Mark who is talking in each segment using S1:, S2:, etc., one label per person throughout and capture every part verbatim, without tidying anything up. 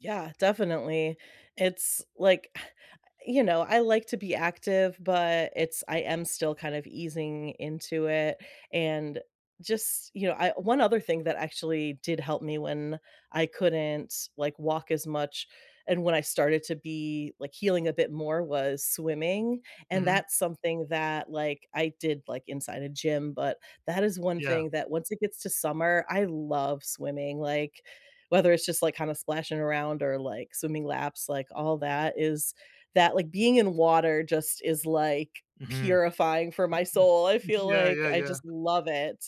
S1: Yeah, definitely. It's like, you know, I like to be active, but it's I am still kind of easing into it, and just, you know, I one other thing that actually did help me when I couldn't, like, walk as much, and when I started to be, like, healing a bit more was swimming, and
S2: Mhm.
S1: that's something that, like, I did, like, inside a gym, but that is one
S2: Yeah.
S1: thing that once it gets to summer, I love swimming, like, whether it's just, like, kinda splashing around or, like, swimming laps, like, all that is that like, being in water just is, like,
S2: Mhm.
S1: purifying for my soul. I feel,
S2: Yeah,
S1: like,
S2: yeah,
S1: I
S2: yeah.
S1: just love it.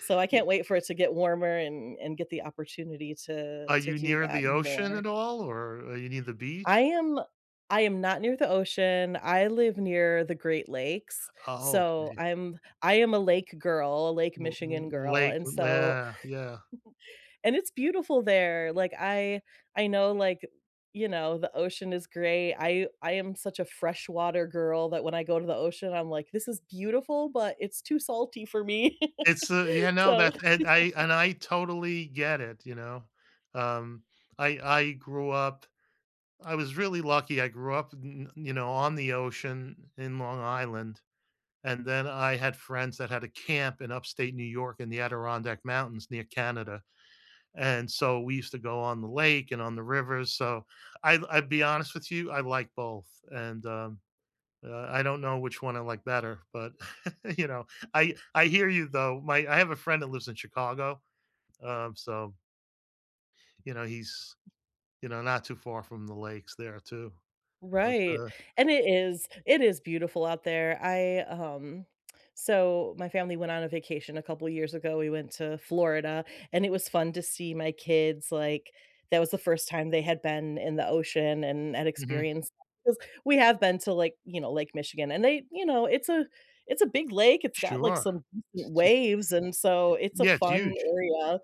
S1: So I
S2: Eh
S1: can't wait for it to get warmer and and get the opportunity to
S2: Are
S1: to
S2: you
S1: do
S2: near
S1: that
S2: the ocean
S1: more.
S2: at all or you near the
S1: I
S2: beach?
S1: am I am not near the ocean, I live near the Great Lakes.
S2: Oh,
S1: So
S2: okay.
S1: I'm I am a lake girl, Lake
S2: L l
S1: Michigan girl
S2: lake,
S1: and
S2: l
S1: so
S2: yeah, yeah.
S1: And it's beautiful there. Like, I I know, like, you know, the ocean is great, I I am such a freshwater girl that when I go to the ocean, I'm like, "This is beautiful, but it's too salty for me."
S2: It's a you know
S1: So
S2: that that I and I totally get it, you know, um, I I grew up I was really lucky, I grew up, n n you know, on the ocean in Long Island, and then I had friends that had a camp in Upstate New York in the Adirondack Mountains near Canada, and so we used to go on the lake and on the river, so I I'll be honest with you, I like both, and, um uh, I don't know which one I like better, but you know, I I hear you though. My I have a friend that lives in Chicago, um, so you know, he's, you know, not too far from the lakes there too. But
S1: Right,
S2: the
S1: and it is it is beautiful out there. I, um so my family went on a vacation a couple years ago, we went to Florida, and it was fun to see my kids like, that was the first time they had been in the ocean and and
S2: Mhm.
S1: experienced that, 'cause we have been to, like, you know, Lake Michigan and they you know, it's a it's a big lake, it's got like
S2: Sure.
S1: some
S2: Sh t eh eh
S1: waves and so it's a
S2: yeah, it's
S1: fun
S2: huge.
S1: area.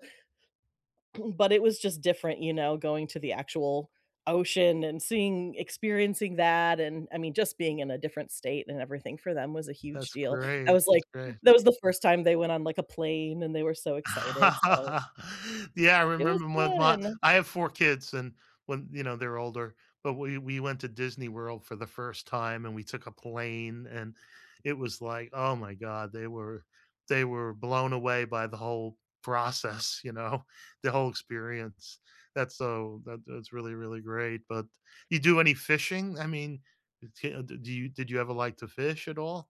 S1: But it was just different, you know, going to the actual ocean and seeing experiencing that, and I mean, just being in a different state and everything for them was a huge
S2: That's
S1: deal. I
S2: great,
S1: was like
S2: that's great.
S1: that was the first time they went on, like, a plane and they were so excited, so
S2: Yeah, I
S1: It was
S2: remember when my
S1: fun.
S2: I have four kids and when, you know they're older, but we we went to Disney World for the first time and we took a plane and it was like oh my god, they were they were blown away by the whole process, you know, the whole experience. That's so that that's really, really great, but you do any fishing? I mean it's can d do you did you ever like to fish at all?